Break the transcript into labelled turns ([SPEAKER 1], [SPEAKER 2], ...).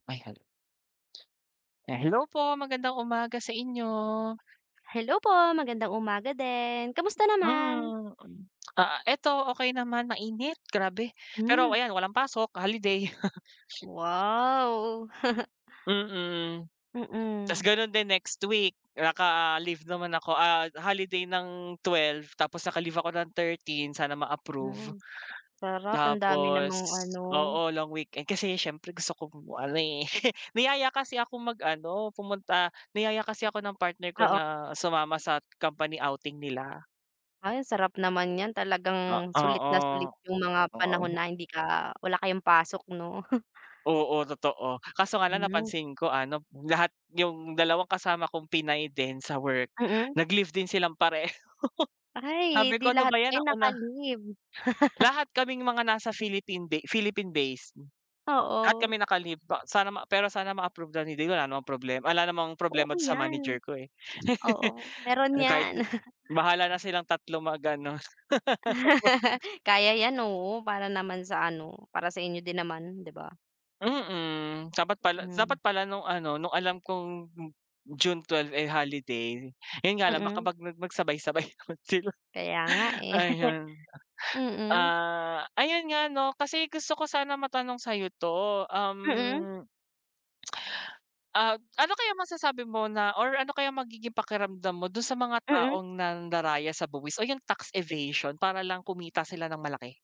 [SPEAKER 1] Ay, halo. Eh hello po, magandang umaga sa inyo.
[SPEAKER 2] Hello po, magandang umaga din. Kamusta naman?
[SPEAKER 1] Mm. Ah, eto okey naman, mainit, grabe. Pero
[SPEAKER 2] Mm.
[SPEAKER 1] ayan walang pasok, holiday.
[SPEAKER 2] Wow.
[SPEAKER 1] Mm. Tas
[SPEAKER 2] Mm.
[SPEAKER 1] ganon din next week, naka-leave naman ako, ah, holiday ng 12, tapos naka-leave ako ng 13, sana ma-approve.
[SPEAKER 2] Mm. Sarap, ang dami
[SPEAKER 1] Tapos
[SPEAKER 2] namang ano
[SPEAKER 1] oo, long weekend. Kasi siyempre gusto kong ano eh. Niyaya kasi akong mag-ano, pumunta, niyaya kasi ako ng partner ko
[SPEAKER 2] Oo.
[SPEAKER 1] na sumama sa company outing nila.
[SPEAKER 2] Ay sarap naman niyan.
[SPEAKER 1] A
[SPEAKER 2] Talagang sulit na sulit
[SPEAKER 1] oo,
[SPEAKER 2] yung mga panahon
[SPEAKER 1] oo.
[SPEAKER 2] na hindi ka wala kayong pasok, 'no?
[SPEAKER 1] Oo, totoo. Kaso nga lang
[SPEAKER 2] Mm.
[SPEAKER 1] napansin ko ano, lahat, yung dalawang kasama kong Pinay din sa work,
[SPEAKER 2] Mm.
[SPEAKER 1] nag-leave din silang pareho.
[SPEAKER 2] Ay, eh
[SPEAKER 1] Sabi
[SPEAKER 2] 'di
[SPEAKER 1] ko, "Ano
[SPEAKER 2] lahat
[SPEAKER 1] ba 'yan,
[SPEAKER 2] kayo
[SPEAKER 1] ako na"
[SPEAKER 2] naka-leave.
[SPEAKER 1] Lahat kaming mga nasa Philippine de Philippine-base. Lahat
[SPEAKER 2] Oo.
[SPEAKER 1] kami naka-leave pa sana ma pero sana ma-approve, ganoon din, wala namang problema wala namang
[SPEAKER 2] Oo
[SPEAKER 1] problema dun sa
[SPEAKER 2] 'yan.
[SPEAKER 1] manager ko eh.
[SPEAKER 2] Oo, meron
[SPEAKER 1] Kahit
[SPEAKER 2] 'yan.
[SPEAKER 1] na bahala na silang tatlo mag-ano. Wa
[SPEAKER 2] Kaya 'yan, oo. Para naman sa ano, para sa inyo din naman 'di ba?
[SPEAKER 1] Mm, dapat pala dapat
[SPEAKER 2] Mm.
[SPEAKER 1] pala nung ano nung alam kong June 12 eh, holiday. Yun nga lang baka
[SPEAKER 2] Mm.
[SPEAKER 1] mag mag mag sabay-sabay naman sila.
[SPEAKER 2] Kaya nga eh.
[SPEAKER 1] Ayun,
[SPEAKER 2] Mm.
[SPEAKER 1] ah, ayun nga ano, kasi gusto ko sana matanong sa'yo 'to,
[SPEAKER 2] Mm.
[SPEAKER 1] um Ah, ano kayang masasabi mo na or ano kaya magiging pakiramdam mo dun sa mga
[SPEAKER 2] Mm.
[SPEAKER 1] taong nandaraya sa buwis o yung tax evasion para lang kumita sila nang malaki?